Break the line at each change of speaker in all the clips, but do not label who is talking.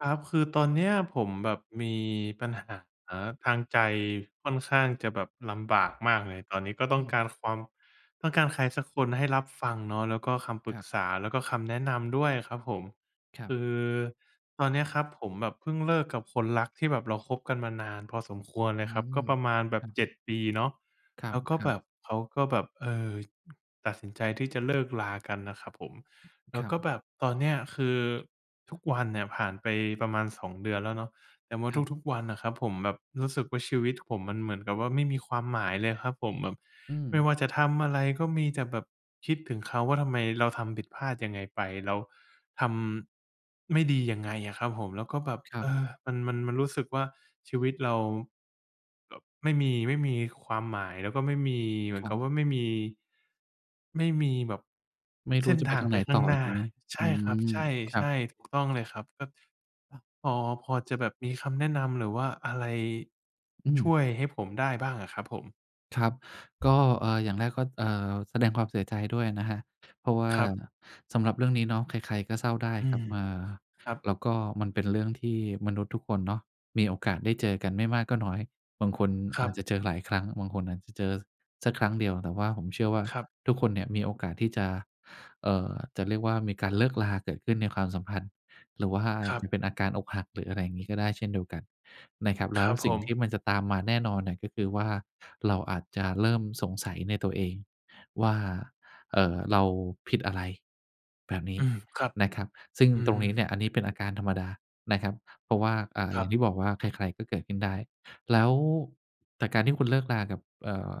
ครับ คือตอนเนี้ยผมแบบมีปัญหาทางใจ ค่อนข้างจะแบบลำบากมากเลย ตอนนี้ก็ต้
อ
อง
ืม
การความ ต้องการใครสักคนให้รับฟังเนาะ แล้วก็คำปร
ค
ึ
รั
ก
บ
ษา แล้วก็คำแนะนำด้วยครับผม
ครั
ค
บ
ือตอนนี้ครับผมแบบพึ่งเลิกกับคนรักที่แบบเราคบกันมานานพอสมควรเล
อื
ยครับ ก
ม
็ประมาณแบ
คร
บ
ับ
7 ปีเนาะ
ค
แล้วก็
รั
แบ
บ ๆ
บเขาก็แบบ เออ ตัดสินใจที่จะเลิก ลา กันน่ะครับผม แล
ค
้ว
รั
ก็
บ
แบบตอนเนี้ยคือทุกวันเนี่ยผ่านไปประมาณ 2 เดือนแล้วเนาะ แต่ว่า
ครับ
ทุก ๆ วันน่ะครับ ผมแบบรู้สึกว่าชีวิตผมมันเหมือนกับว่าไม่มีความหมายเลยครับผม แบบ
อื
ไม่
ม
ว่าจะทำอะไรก็มีแต่แบบคิดถึงเขา ว่าทำไมเราทำผิดพลาดยังไงไป เราทำ ไม่ดียังไงอะครับผม แล้วก็แบบ
ครั
เอ
บ
อ มัน มัน มันรู้สึกว่าชีวิตเรา แบบไม่มี ไม่มี ค ความหมายแล้วก็ไม่มี เหมื
ค
อ
ร
น
ั
ก
บ
ับว่าไม่มี ไม่มีแบบ
ไม่ร
เส
ู้
้น
จะไ
ท
ป
าง
ทางไ
ไป
หน
ข้
ต
า
่
ง
อ
หน
อ
้
ย
า
่างงี้
ใช
อื
่ครับ
ม
ใ
คร
ช
ับ
่ ๆ ถูก ต้องเลยครับ ก็ อ พอ พอจะแบบมีคำแนะนำ หรือว่าอะไร
อื
ช
ม
่วยให้ผมได้บ้างอะครับผม?
ครับ ก็ เออ อย่างแรกก็ เอ่อ แสดงความเสียใจด้วยนะครับ เพราะว่า
ครับ
สำหรับเรื่องนี้เนาะ ใคร ๆ ก็เศร้าได้
อื
ครั
ม
บ เออ
ครับ
แล้วก็มันเป็นเรื่องที่มนุษย์ทุกคนเนาะ มีโอกาสได้เจอกันไม่มากก็น้อย บางคน
คร
อ
ั
าจ
บ
จะเจอหลายครั้ง บางคนอาจจะเจอสักครั้งเดียว แต่ว่าผมเชื่อว่า
ครับ
ทุกคนเนี่ยมีโอกาสที่จะ เอ่อ จะเรียกว่า มีการเลิกราเกิดขึ้นในความสัมพันธ์ หรือว่า
ครั
จ
บ
ะเป็นอาการอกหัก หรืออะไรงี้ ก็ได้เช่นเดียวกันนะครับ แล
ค
้
ร
ว
ับ
ส
ผ
ิ่งที่
ม
มันจะตามมาแน่นอนเนี่ย ก็คือว่า เราอาจจะเริ่มสงสัยในตัวเองว่า เอ่อ เราผิดอะไร แบบนี
อ
้
ืม ครับ
นะครับ ซึ่ง
อื
ตร
ม
งนี้เนี่ย อันนี้เป็นอาการธรรมดานะครับ เพราะว่า อ่า
ค
อ
ร
ย่
ั
างท
บ
ี่บอกว่า ใคร ๆ ก็เกิดขึ้นได้ แล้ว แต่การที่คุณเลิกรากับ เอ่อ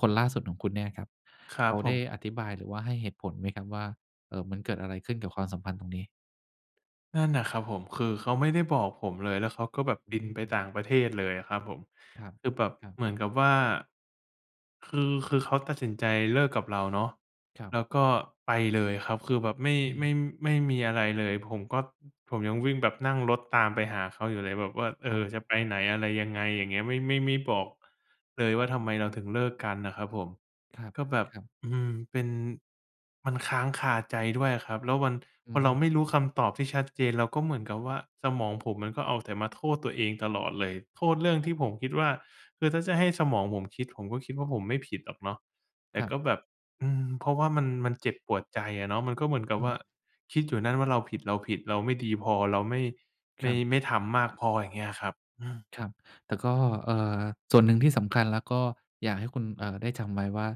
คนล่าสุดของคุณเนี่ยครับ
คร
เ
ั
ข
บ
า
ผ
ได้
ม
อธิบาย หรือว่าให้เหตุผลไหมครับว่า เอ่อ มันเกิดอะไรขึ้นกับความสัมพันธ์ตรงนี้?
นั่นน่ะครับผม คือเขาไม่ได้บอกผมเลย แล้วเขาก็แบบ
อื
บินไปต่
ม
างประเทศเลยอะครับผม
คร
คือแบบ
ับ ๆ
เหมือนกับว่า คือ คือเขาตัดสินใจเลิกกับเราเนาะ
ครั
แ
บ
ล้วก็ไปเลยครับ คือแบบไม่
อื
ไ
ม
ม่ ไม่มีอะไรเลย ผมก็ ผมยังวิ่ง แบบนั่งรถตามไปหาเขาอยู่เลย แบบว่า เอ
อ๋อ
อ จะไปไหนอะไรยังไง อย่างเงี้ย ไม่ ไม่ ไม่บอก เลย
อ
ว่
้อ
า ทำไมเราถึงเลิกกันน่ะครับผม
คร
ก็แบบ
ับ ๆ
อืม เป็น มันค้างคาใจด้วยอะครับ แล้ววัน
อ
พ
ื
อ
อฮ
เราไ
ึ
ม่รู้คำตอบที่ชัดเจน เราก็เหมือนกับว่า สมองผมมันก็เอาแต่มาโทษตัวเองตลอดเลย โทษเรื่อง
ครั
ที
บ
่ผมคิดว่า คือถ้าจะให้สมองผมคิด ผมก็คิดว่าผมไม่ผิดหรอกเนาะ แต
ค
่
รั
ก
บ
็แบบ อืม เพราะว่ามัน มันเจ็บปวดใจอะเนาะ มันก็เหมือนกับ
อ
ว
ื
่า
ม
คิดอยู่นั่นว่าเราผิด ๆ เราไม่ดีพอ เราไม่ ไ
ค
ม
ร
่
ับ
ไม่ทำมากพอ อย่างเงี้ยครับ อืม
ครับ แต่ก็ เอ่อ ส่วนหนึ่งที่สำคัญแล้วก็อยากให้คุณ เอ่อ ได้จำไว้ว่า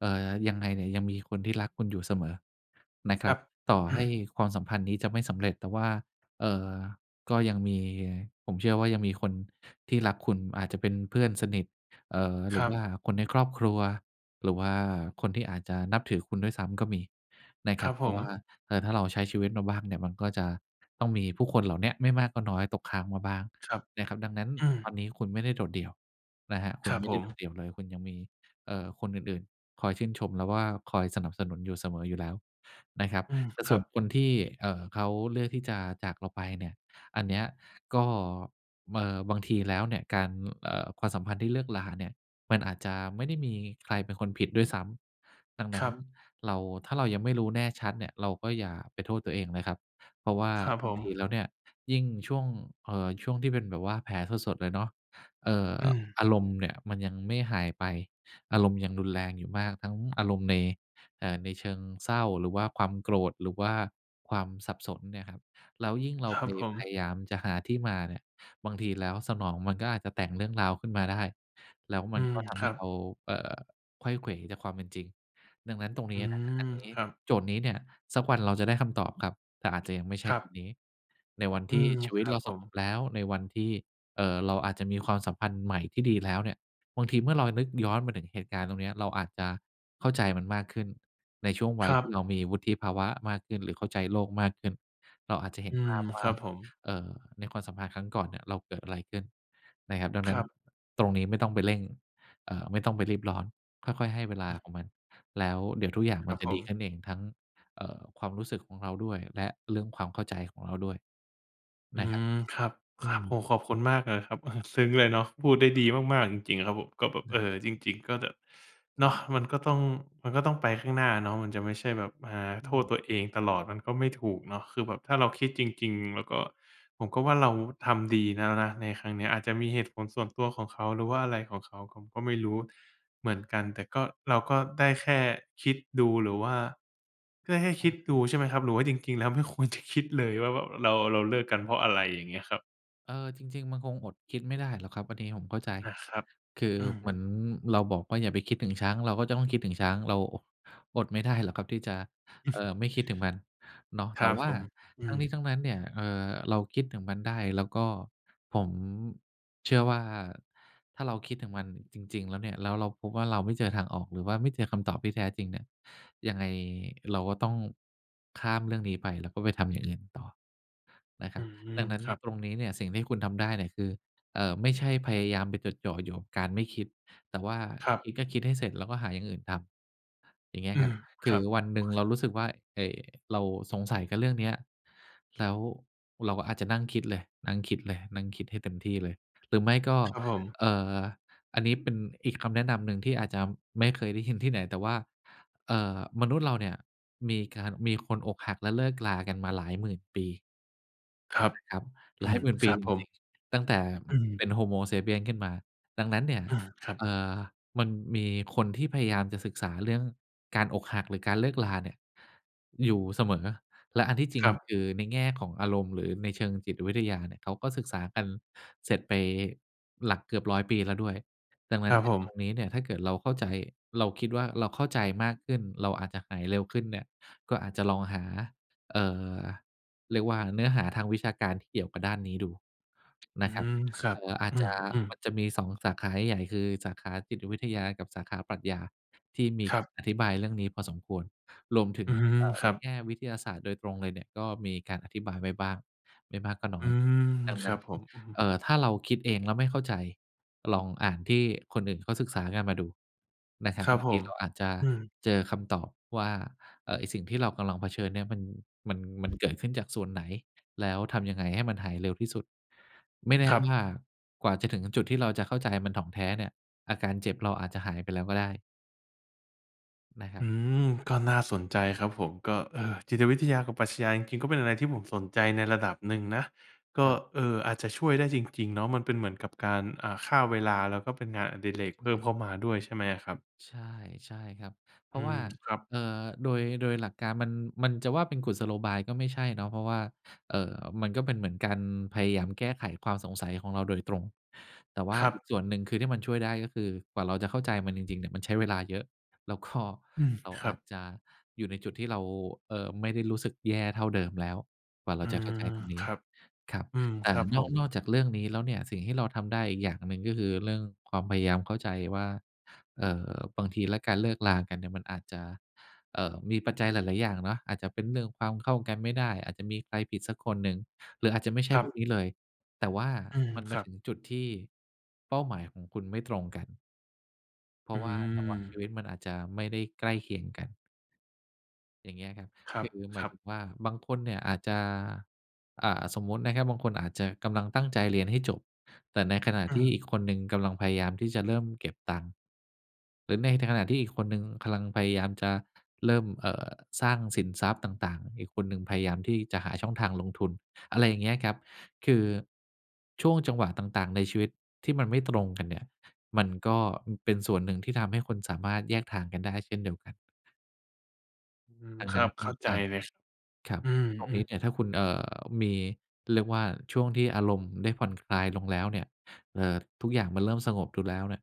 เอ่อ ยังไงเนี่ยยังมีคนที่รักคุณอยู่เสมอนะค
ค
ร
ร
ั
ั
บ
บ
ต่อ
อื
ให้
ม
ความสัมพันธ์นี้จะไม่สำเร็จ แต่ว่า เอ่อ ก็ยังมี ผมเชื่อว่ายังมีคนที่รักคุณ อาจจะเป็นเพื่อนสนิท เอ่อ หร
ค
ื
ร
อ
ั
ว่
บ
าคนในครอบครัว หรือว่าคนที่อาจจะนับถือคุณด้วยซ้ำก็มีนะค
ค
รั
รั
บ
บ
เพ
ผ
ราะ
ม
ว่า เออ ถ้าเราใช้ชีวิตมาบ้างเนี่ย มันก็จะต้องมีผู้คนเหล่านี้อะ ไม่มากก็น้อยตกค้างมาบ้าง
ครับ
นะครับ ดังนั้น
อื
ต
ม
อนนี้คุณไม่ได้โดดเดี่ยวนะครับ คุ
ค
ณ
รับ
ไม่
ผ
ได้
ม
โดดเดี่ยวเลย คุณยังมี เอ่อ คนอื่น ๆ คอยชื่นชมแล้วว่า คอยสนับสนุนอยู่เสมออยู่แล้วนะครับ
อืม
แต่
ค
ส่
รั
วน
บ
คนที่ เอ่อ เขาเลือกที่จะจากเราไปเนี่ย อันนี้อะก็ เอ่อ บางทีแล้วเนี่ยการ เอ่อ ความสัมพันธ์ที่เลิกราเนี่ย มันอาจจะไม่ได้มีใครเป็นคนผิดด้วยซ้ำ ดังน
ค
ั้
ร
น
ับ
เรา ถ้าเรายังไม่รู้แน่ชัดเนี่ย เราก็อย่าไปโทษตัวเองนะครับ เพราะว่า
ครับ
บ
ผ
างที
ม
แล้วเนี่ย ยิ่งช่วง เอ่อ ช่วงที่เป็นแบบว่าแผลสด ๆ เลยเนาะ เอ่อ
อืม
อารมณ์เนี่ยมันยังไม่หายไป อารมณ์ยังรุนแรงอยู่มาก ทั้งอารมณ์ใน เอ่อ ในเชิงเศร้า หรือว่าความโกรธ หรือว่าความสับสนเนี่ยครับ แล้วยิ่งเรา
คร
ไ
ั
ป
บผ
พย
ม
ายามจะหาที่มาเนี่ย บางทีแล้วสมองมันก็อาจจะแต่งเรื่องราวขึ้นมาได้ แล้วม
อ
ั
ื
นก
ม
็ท
ค
ำให
รั
้เ
บ
รา เอ่อ ไขว้เขวจากความเป็นจริง ดังนั้นตรงน
อ
ี
ื
้ อั
ม
นนี้
ครับ
โจทย์นี้เนี่ย สักวันเราจะได้คำตอบครับ แต่อาจจะยังไม่ใช่
ครั
ตอ
บ
นนี้ ในวัน
อ
ท
ื
ี่
ม
ชีวิ
ค
ต
รั
เร
บ
า
ผ
ส
ม
งบแล้ว ในวันที่ เอ่อ เราอาจจะมีความสัมพันธ์ใหม่ที่ดีแล้วเนี่ย บางทีเมื่อเรานึกย้อนมาถึงเหตุการณ์ตรงเนี้ย เราอาจจะเข้าใจมันมากขึ้น ในช่วงวั
ค
ย
รั
ที่
บ
เรามีวุฒิภาวะมากขึ้น หรือเข้าใจโลกมากขึ้น เราอาจจะเห็
อื
นภ
ม
าพว
ค
่
ร
า
ับผม
เอ่อ ในความสัมพันธ์ครั้งก่อนเนี่ยเราเกิดอะไรขึ้นนะครับ ดัง
ค
นั้
ร
น
ับ
ตรงนี้ไม่ต้องไปเร่ง เอ่อ ไม่ต้องไปรีบร้อน ค่อย ๆ ให้เวลา
อือ
ของมัน แล้วเดี๋ยวทุกอย่าง
ค
มั
ร
น
ับ
จะ
ผ
ดีข
ม
ึ้นเองทั้ง เอ่อ ความรู้สึกของเราด้วย และเรื่องความเข้าใจของเราด้วย
อื
นะครับ
ม ครับ
อ
ค
ื
รับ โอ้
ม
โฮ ขอบคุณมากเลยครับ ซึ้งเลยเนาะ พูดได้ดีมาก ๆ จริง ๆ ครับผม
อ
ก
ื
็
ม
แบบ เ
อ
อ
า
่อ จริง ๆ ก็แบบ
ค
เน
รั
าะ
บ
มันก็ต้อง มันก็ต้องไปข้างหน้าเนาะ มันจะไม่ใช่แบบมา
อ
โท
ื
ษ
ม
ตัวเองตลอดมันก็ไม่ถูกเนาะ คือแบบถ้าเราคิดจริง ๆ เราก็ ผมก็ว่าเราทำดีแล้วนะในครั้งนี้ อาจจะมีเหตุผลส่
ค
ว
ร
น
ับ
ตัวของเขา หรือว่าอะไรของเขา ผมก็ไม่รู้เหมื
อ
อนกัน แต่ก็ เราก็ได้แค่คิดดูหรือว่า เพื่อให้
อ
ค
า
ิด
อ
ด
ื
ู
ม
ใช่ไหมครับ หรือว่าจริง ๆ แล้ว ไม่ควรจะคิดเลย ว่าแบบ เรา เราเลิกกันเพราะ อะไรอย่างเงี้ยครับ?
เออ จริง ๆ มันคงอดคิดไม่ได้หรอกครับ อันนี้ผมเข้าใจ
อะครับ
คือ
อื
เหม
ม
ือนเราบอกว่าอย่าไปคิดถึงช้าง เราก็จะต้องคิดถึงช้าง เรา โอะ อดไม่ได้หรอกครับที่จะ เอ่อ ไม่คิดถึงมันเนาะ
ค
แต
ร
่
ับ
ว่
ผ
า
ม อ
ท
ื
ั้ง
อ
นี้ทั้งนั้นเนี่ย เอ่อ เราคิดถึงมันได้ แล้วก็ ผม เชื่อว่าถ้าเราคิดถึงมันจริง ๆ แล้วเนี่ย แล้วเราพบว่าเราไม่เจอทางออก หรือว่าไม่เจอคำตอบที่แท้จริงเนี่ย ยังไงเราก็ต้อง ข้ามเรื่องนี้ไป แล้วก็ไปทำอย่างอื่นต่อนะคร
อ
ั
ื
บ
ม
ดังนั้น
ครับ
ตรงนี้เนี่ยสิ่งที่คุณทำได้เนี่ยคือ เอ่อ ไม่ใช่พยายามไปจดจ่ออยู่กับการไม่คิด แต่ว่า
ครั
ค
บ
ิดก็คิดให้เสร็จ แล้วก็หาอย่างอื่นทำ อย่างเงี้
อ
ย
ื
ครับ
ม
ถ
ค
ึ
ร
ง
ับ
วันหนึ่งเรารู้สึกว่า เอ เราสงสัยกับเรื่องเนี้ย แล้ว เราก็อาจจะนั่งคิดเลย นั่งคิดเลย นั่งคิดให้เต็มที่เลย หรือไม่ก็
ครับผม
เอ่อ อันนี้เป็นอีกคำแนะนำหนึ่งที่อาจจะไม่เคยได้ยินที่ไหน แต่ว่า เอ่อ มนุษย์เราเนี่ย มีการ มีคนอกหัก และเลิกรากันมาหลาย 10,000 ปี
ครับ
นะครับ ห
อ
ล
ื
าย
ม
10,000 ป
ค
ี
รับ
จ
ผม
ริง ๆ ตั้งแต่
อื
เ
ม
ป็น Homo sapiens ขึ้นมา ดังนั้นเนี่ย
อือ ครับ
เอ่อ มันมีคนที่พยายามจะศึกษาเรื่อง การอกหักหรือการเลิกราเนี่ยอยู่เสมอ และอันที่จริ
ค
ง
รับ
คือในแง่ของอารมณ์หรือในเชิงจิตวิทยาเนี่ย เขาก็ศึกษากันเสร็จไปหลักเกือบ 100 ปีแล้วด้วย ดังนั
ค
้
ร
น
ั
เ
บ
นี่
ผ
ย ตร
ม
งนี้เนี่ยถ้าเกิดเราเข้าใจ เราคิดว่า เราเข้าใจมากขึ้น เราอาจจะหายเร็วขึ้นเนี่ย ก็อาจจะลองหา เอ่อ เรียกว่าเนื้อหาทางวิชาการที่เกี่ยวกับด้านนี้ดู
อ
น
ื
ะครับ
ม ครั
เอ
บ
่อ อา
อ
จ
ื
จ
ม
ะ
อืม
มันจะมี 2 สาขาใหญ่ ๆ คือสาขาจิตวิทยา กับสาขาปรัชญา ที่มี
ครับ
อธิบายเรื่องนี้พอสมควร รวมถึง
อืม
เอ่อ
ค
ใน
รับ
แง่วิทยาศาสตร์โดยตรงเลยเนี่ย ก็มีการอธิบายไว้บ้างไม่มากก็น้
อ
อ
ื
ย
ม
ดัง
ค
นั
ร
้
ั
น
บผม อื
เ
ม
อ่อ ถ้าเราคิดเองแล้วไม่เข้าใจ ลองอ่านที่คนอื่นเขาศึกษากันมาดูนะครับ
คร
บ
ับ
าง
ผ
ที
ม
เราอาจจะ
อือ
เจอคำตอบว่า เอ่อ ไอ้สิ่งที่เรากำลังเผชิญเนี่ยมัน มัน มันเกิดขึ้นจากส่วนไหน แล้วทำยังไงให้มันหายเร็วที่สุด ไม่แน่
ครั
ว
บ
่ากว่าจะถึงจุดที่เราจะเข้าใจมันถ่องแท้เนี่ย อาการเจ็บเราอาจจะหายไปแล้วก็ได้ นะครั
อื
บ
ม ก็น่าสนใจครับผม ก็ เออ จิ
ครั
ต
บ
วิทยากับปรัชญาจริง ๆ ก็เป็นอะไรที่ผมสนใจในระดับหนึ่งนะ ก็
ครับ
เอ่อ อาจจะช่วยได้จริง ๆ เนาะ มันเป็นเหมือนกับการ อ่า ฆ่าเวลา แล้วก็เป็นงานอดิเรก
ใช
เพิ่
่
มเข้ามาด้วยใช่ไหมอะครับ?
ใช่ ใช่ครับ เพร
อ
า
ื
ะว่
ม
า
ครับ
เอ่อ โดย โดยหลักการมัน มันจะว่าเป็นกุศโลบายก็ไม่ใช่เนาะ เพราะว่า เอ่อ มันก็เป็นเหมือนการพยายามแก้ไขความสงสัยของเราโดยตรง แต่ว่า
ครั
อี
บ
กส่วนหนึ่ง คือที่มันช่วยได้ ก็คือกว่าเราจะเข้าใจมันจริง ๆ เนี่ย มันใช้เวลาเยอะ แล้ว ก็
อืม
เรา
คร
อ
ั
าจ
บ
จะอยู่ในจุดที่เรา เอ่อ ไม่ได้รู้สึกแย่เท่าเดิมแล้ว กว่าเร
อ
า
ื
จะเข้า
ม
ใจตรงน
ค
ี้
รับ
ครับ
อืม
แต
ค
่
รับผ
นอก
ม
นอกจากเรื่องนี้แล้วเนี่ยสิ่งที่เราทำได้อีกอย่างหนึ่ง ก็คือเรื่องความพยายามเข้าใจว่า เอ่อ บางทีแล้วการเลิกรากันเนี่ย มันอาจจะ เอ่อ มีปัจจัยหลาย ๆ อย่างเนาะ อาจจะเป็นเรื่องความเข้ากันไม่ได้ อาจจะมีใครผิดสักคนหนึ่ง หรืออาจจะไม่ใช่
ครั
พวก
บ
นี้เลย แต่ว่า
อืม
มันม
ค
า
รั
ถึ
บ
งจุดที่เป้าหมายของคุณไม่ตรงกัน เพรา
อื
ะว่าจังหวะชี
ม
วิตมันอาจจะไม่ได้ใกล้เคียงกัน อย่างเงี้ยครับ
คร
ค
ั
ื
บ
อหม
ค
าย
รั
ถ
บ
ึงว่า บางคนเนี่ยอาจจะ อ่า สมมุตินะครับ บางคนอาจจะกำลังตั้งใจเรียนให้จบ แต่ในขณะ
อื
ที่
ม
อีกคนหนึ่งกำลังพยายามที่จะเริ่มเก็บตังค์ หรือในขณะที่อีกคนหนึ่งกำลังพยายามจะเริ่ม เอ่อ สร้างสินทรัพย์ต่าง ๆ อีกคนหนึ่งพยายามที่จะหาช่องทางลงทุน อะไรอย่างเงี้ยครับ คือช่วงจังหวะต่าง ๆ ในชีวิตที่มันไม่ตรงกันเนี่ย มันก็ มันเป็นส่วนหนึ่งที่ทำให้คนสามารถแยกทางกันได้เช่นเดียวกัน
อืม
ทาง
ค
น
ร
ั
ั
้น
บ เ
อ
ข้าใจ
อา
เลย
ครับ
อื
ตรงนี้
ม
เนี่
ๆ
ยถ้าคุณ เอ่อ มี เรียกว่าช่วงที่อารมณ์ได้ผ่อนคลายลงแล้วเนี่ย เอ่อ ทุกอย่างมันเริ่มสงบดูแล้วเนี่ย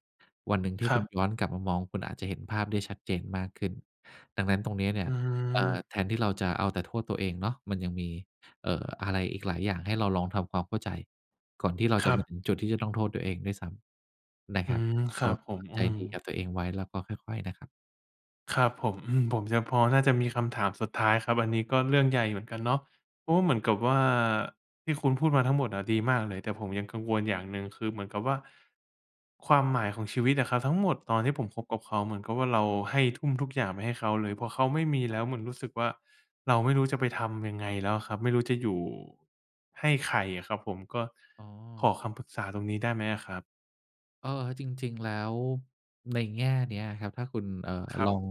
วันหนึ่งที่
คร
คุ
ั
ณ
บ
ย้อนกลับมามอง คุณอาจจะเห็นภาพได้ชัดเจนมากขึ้น ดังนั้นตรงนี้เนี่
อ
ย
ื
เอ่อ
อ
แทนที่เราจะเอาแต่โทษตัวเองเนาะ มันยังมี เอ่อ อะไรอีกหลายอย่างให้เราลองทำความเข้าใจ ก่อนที่เรา
ค
จะ
รั
มา
บ
ถึงจุดที่จะต้องโทษตัวเองด้วยซ้ำนะ
อ
ค
ื
รับ
ม ค
ก
รั
็
บผม อ
ใ
ื
จ
ม
ดีกับตัวเองไว้ แล้วก็ค่อย ๆ นะครับ
ครับผม อืม ผมยังพอ น่าจะมีคำถามสุดท้ายครับ อันนี้ก็เรื่องใหญ่เหมือนกันเนาะ เพราะว่า เหมือนกับว่า ที่คุณพูดมาทั้งหมดอะดีมากเลย แต่ผมยังกังวลอย่างหนึ่ง คือเหมือนกับว่า ความหมายของชีวิตอะครับ ทั้งหมดตอนที่ผมคบกับเขา เหมือนกับว่า เราให้ ทุ่มทุกอย่างไปให้เขาเลย พอเขาไม่มี
ค
แ
ร
ล
ับ
้วเหมือนรู้สึกว่า เราไม่รู้จะไปทำยังไงแล้วครับ ไม่รู้จะอยู่ให้ใครอะครับผม ก็
อ๋อ
ขอคำปรึกษาตรงนี้ได้ไหมอะครับ?
เออ จริง ๆ แล้ว ในแง่เนี้ยครับ ถ้าคุณ เอ่อ
คร
ล
ั
อ
บ
ง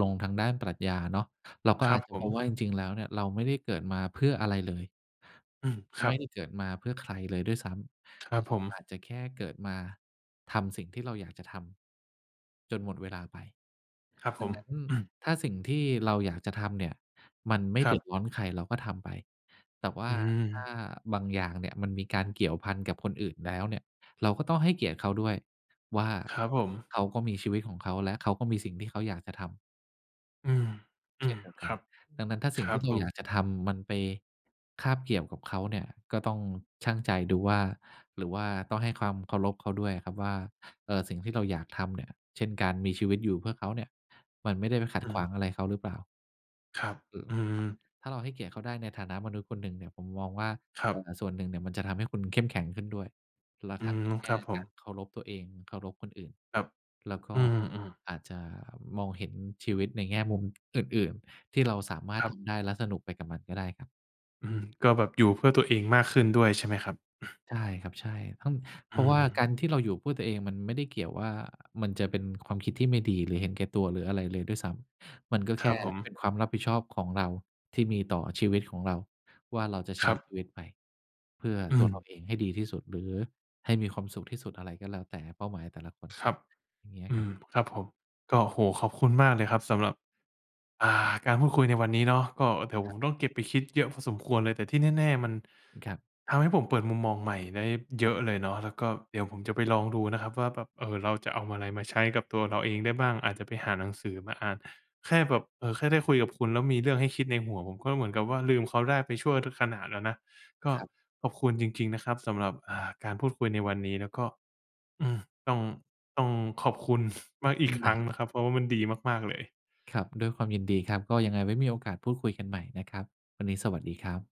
ลงทางด้านปรัชญาเนาะ เราก็
คร
อ
ั
า
บ
จจะ
ผ
พบ
ม
ว่า จริง ๆ แล้วเนี่ย เราไม่ได้เกิดมาเพื่ออะไรเลย
อืม คร
ไม
ั
่ไ
บ
ด้เกิดมาเพื่อใครเลยด้วยซ้
ค
ำ
รับ
เร
ผ
า
ม
อาจจะแค่เกิดมาทำสิ่งที่เราอยากจะทำ จนหมดเวลาไป
ครับ
ด
ผ
ัง
ม
นั้น
อืม
ถ้าสิ่งที่เราอยากจะทำเนี่ย มันไม่
ค
เ
ร
ด
ั
ือด
บ
ร้อนใคร เราก็ทำไป แต่ว่
อ
า
ื
ถ้า
ม
บางอย่างเนี่ยมันมีการเกี่ยวพันกับคนอื่นแล้วเนี่ย เราก็ต้องให้เกียรติเขาด้วยว่า
ครับผม
เขาก็มีชีวิตของเขาและเขาก็มีสิ่งที่เขาอยากจะทำ
อืม อื
เช่น
ม
เดียวก
ค
ั
ร
น
ับ
ดังนั้นถ้าส
ค
ิ่ง
รั
ที
บ
่เร
ผ
าอยา
ม
กจะทำมันไปคาบเกี่ยวกับเขาเนี่ย ก็ต้องชั่งใจดูว่า หรือว่าต้องให้ความเคารพเขาด้วยอะครับว่า เอ่อ สิ่งที่เราอยากทำเนี่ย เช่น การมีชีวิตอยู่เพื่อเขาเนี่ย มันไม่ได้ไปขั
อ
ด
ื
ขว
ม
างอะไรเขาหรือเปล่า
ครับ อืม
ถ้าเราให้เกียรติเขาได้ในฐานะมนุษย์คนหนึ่งเนี่ย ผมมองว่า
คร
โ
ั
อ
บ
กาสส่วนหนึ่งเนี่ยมันจะทำให้คุณเข้มแข็งขึ้นด้วย แล้ว
อื
ทั้ง
ม
ในแง
ค
่
รับผ
การ
ม
เคารพตัวเอง เคารพคนอื่น
ครับ
แล้วก
อ
็
ืม ๆ
อาจจะมองเห็นชีวิตในแง่มุมอื่น ๆ ที่เราสามาร
ค
ถ
รั
ท
บ
ำได้และสนุกไปกับมันก็ได้ครับ
อืม ก็แบบอยู่เพื่อตัวเองมากขึ้นด้วยใช่ไหมครับ?
ใช่ครับ ใช่ ห้อง เพ
อื
ราะว่ากา
ม
รที่เราอยู่เพื่อตัวเองมันไม่ได้เกี่ยวว่า มันจะเป็นความคิดที่ไม่ดี หรือเห็นแก่ตัว หรืออะไรเลยด้วยซ้ำ มันก็แ
ค
ค
ร
่
ับผม
เป็นความรับผิดชอบของเราที่มีต่อชีวิตของเราว่า เราจะใช
ค
้
รั
ช
บ
ีวิตไปเพื่อ
อื
ตัวเรา
ม
เองให้ดีที่สุด หรือให้มีความสุขที่สุด อะไรก็แล้วแต่เป้าหมายแต่ละคน
ครับ
อย่างเงี้ย
อื
ครับ
ม ครับผม ก็ โอ้โฮ ขอบคุณมากเลยครับสำหรับ อ่า การพูดคุยในวันนี้เนาะ ก็เดี๋ยว
ค
ผ
รับ
มต้องเก็บไปคิดเยอะพอสมควรเลย แต่ที่แน่ ๆ มัน
อือ ครับ
ทำให้ผมเปิดมุมมองใหม่ได้เยอะเลยเนาะ แล้วก็เดี๋ยวผมจะไปลองดูนะครับว่าแบบ เอ่อ เราจะเอาอะไรมาใช้กับตัวเราเองได้บ้าง อาจจะไปหาหนังสือมาอ่าน แค่แบบ เอ่อ แค่ได้คุยกับคุณ แล้วมีเรื่องให้คิดในหัว ผมก็เหมือนกับว่า ลืมเขาได้ไปชั่ว ทุกขณะแล้วนะ ก็
ครับ
ขอบคุณจริง ๆ นะครับสำหรับ อ่า การพูดคุยในวันนี้แล้วก็ อือ ต้อง ต้องขอบคุณ มากอ
อ
ี
ื
ก
อ
ค
ไ
ร
ด
ั้ง
้
นะครับ เพราะว่ามันดีมาก ๆ เลย
ครับ ด้วยความยินดีครับ ก็ยังไงไว้ก็มีโอกาสพูดคุยกันใหม่นะครับ วันนี้สวัสดีครับ